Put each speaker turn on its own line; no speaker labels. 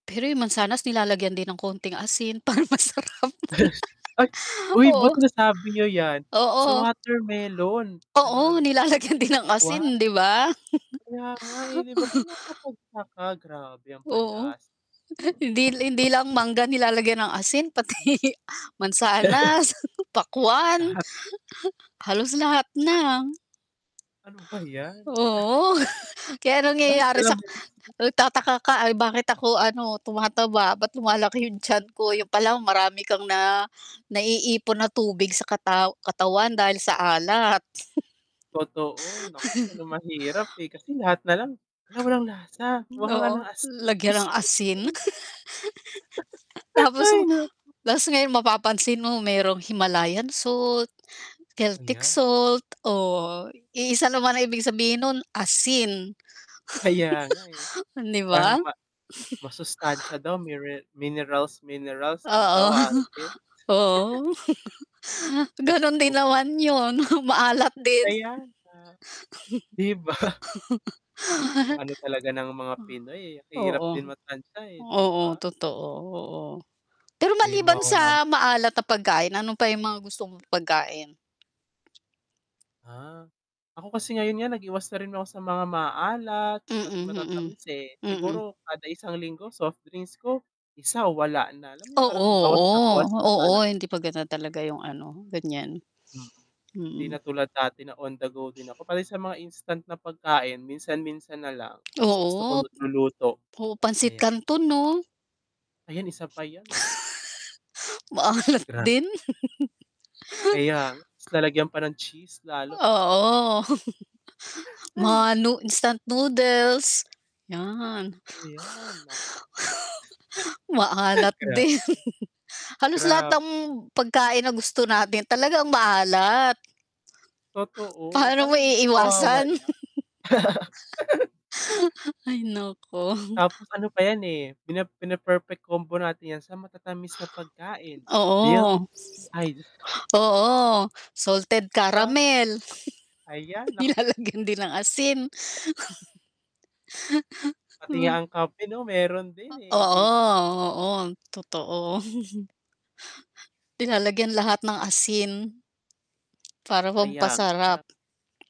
Pero yung mansanas nilalagyan din ng konting asin para masarap.
Ay uy
Oo.
ba't nasabi niyo yan, so
Oo.
watermelon, ano
Oo,
ano ba
nilalagyan
tagalog nu'n,
din ng asin,
pakwan.
'di ba?
Kaya nga, eh, 'di ba parang nakakapagtaka, grabe ang
Oo.
panlasa.
Hindi hindi lang mangga nilalagyan ng asin pati mansanas, pakwan.
Lahat.
Halos lahat
Ah
na.
Ano ba yan.
Oo, kaya ang
Lahat
nangyayari sa
nalang may asin.
nagtataka ka, "Ay bakit ako ano tumataba, ba't lumalaki yung tiyan ko," yun pala marami kang na naiipon na tubig sa kataw katawan dahil sa alat.
Totoo, nako, yan ang mahirap, eh, kasi lahat nalang, "Hala walang lasa,
Hmm,
kumuha ka nga
oo,
ng asin." Diyos
lagyan ng
ko
asin.
po.
Tapos ma
Hay, nako.
ta's ngayon mapapansin mo merong Himalayan salt, Celtic
Ayan.
salt, oh, iisa naman ang ibig sabihin nun, asin
Kaya nga, eh,
'di ba?
parang ma masustansya daw mire minerals, minerals kung
Oo,
tawagin.
oo.
Diyos
Ganun
ko
din
p
naman yun, maalat din.
Kaya nga. 'Di ba? Ang ano talaga ng mga Pinoy, eh, hirap din
Oo,
matantsa, eh, 'di
oo,
ba?
totoo, oo. Pero
'Di
maliban
mawawala ang
sa
pa
maalat na pagkain, ano pa yung mga gusto mong pagkain?
Ah, ako kasi ngayon nga nag-iwas na rin ako sa mga maaalat, pati
Mm, mm,
matatamis eh,
mm.
siguro kada isang linggo soft drinks ko, isa, o wala na. Alam mo yung
Oo,
parang bawas na bawas
oo,
na
oo,
talaga.
hindi maganda talaga yung ano, ganiyan.
Mm. Hindi
Mm.
na tulad dati na on the go din ako, pati sa mga instant na pagkain minsan-minsan nalang, mas gusto ko
Oo
magluluto.
p oo, pansit
Ayan.
kanton 'no?
Ayan, isa pa yan.
Maalat
Gra
din.
Kaya nga, ta's lalagyan pa ng cheese lalo, naku po.
Oo.
Hay.
Mga nu instant noodles, yan.
Ayan nak
Maalat din.
Grabe.
Halos lahat
Grabe.
ang pagkain na gusto natin talaga ang maalat.
Totoo,
Paano mo
parang,
iiwasan?
mawawala.
Hay nako.
Tapos ano pa yan, eh, pina pine-perfect combo natin yan sa matatamis na pagkain,
Oo.
milky ay
Oo, salted
'Di Ba?
caramel.
Ayan, naku.
Nilalagyan din ng asin. 'Di
Pati
ba?
nga ang kape 'no meron din, eh, 'di ba?
Oo, oo, totoo. Nilalagyan lahat ng asin. Para
Kaya nga, eh,
pampasarap.
parang